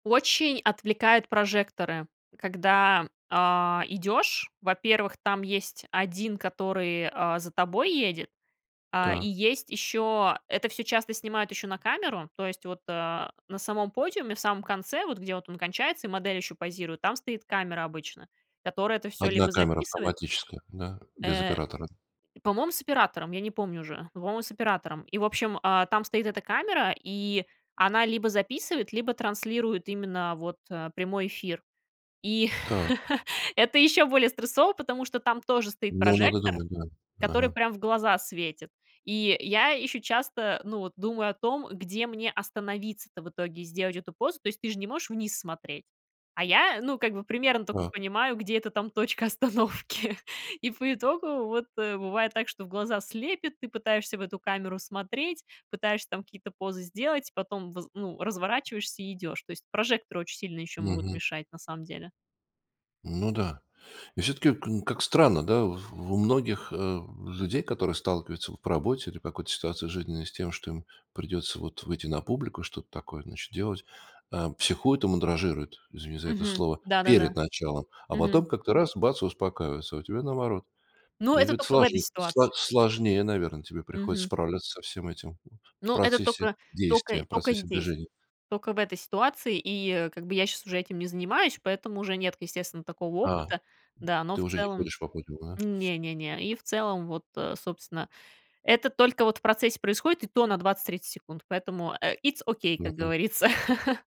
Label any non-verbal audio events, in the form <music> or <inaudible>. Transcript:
Очень отвлекают прожекторы, когда, а, идёшь. Во-первых, там есть 1, который, а, за тобой едет. А, и Так. есть ещё это всё часто снимают ещё на камеру. То есть вот, а, на самом подиуме, в самом конце вот, где вот он кончается, и модель ещё позирует, там стоит камера обычно, которая это всё 1 либо камера записывает автоматическая, да? Без Э, оператора. по-моему, с оператором, я не помню уже. Но, по-моему, с оператором. И, в общем, а, там стоит эта камера, и она либо записывает, либо транслирует именно вот прямой эфир. И Та. <chuckles> это ещё более стрессово, потому что там тоже стоит Ну, надо прожектор, думать, да. который Ага. прям в глаза светит. И я ещё часто, ну, вот думаю о том, где мне остановиться-то в итоге, сделать эту позу. То есть ты же не можешь вниз смотреть, а я, ну, как бы примерно тока Так. понимаю, где эта там точка остановки. И по итогу, вот бывает так, что в глаза слепят, ты пытаешься в эту камеру смотреть, пытаешься там какие-то позы сделать, потом воз ну, разворачиваешься и идёшь. То есть прожекторы очень сильно ещё могут Мгм. мешать на самом деле. Ну да. И всё-таки к как странно, да? Вот в у многих, э, людей, которые сталкиваются вот по работе, или какой-то ситуации жизненной с тем, что им придётся вот выйти на публику, что-то такое, значит, делать, э, психует и мандражирует, извини за это Мгм. слово, Да-да-да. перед началом, а Мгм. потом как-то раз, бац и успокаивается. А у тебя наоборот. Но Это это ведь тока в этой сложне сло ситуации. сложнее, наверное, тебе приходится Мгм. справляться со всем этим в Но это процессе тока тока действия, в тока процессе здесь, движения. тока в этой ситуации, и как бы я сейчас уже этим не занимаюсь, поэтому уже нет, естественно, такого А опыта. Да, но ты в уже не целом ходишь по подиуму, да? не-не-не, и в целом вот, э, собственно, это только вот в процессе происходит, и то на 20-30 секунд, поэтому, э, итс окей, как Мгм. говорится. <chuckles>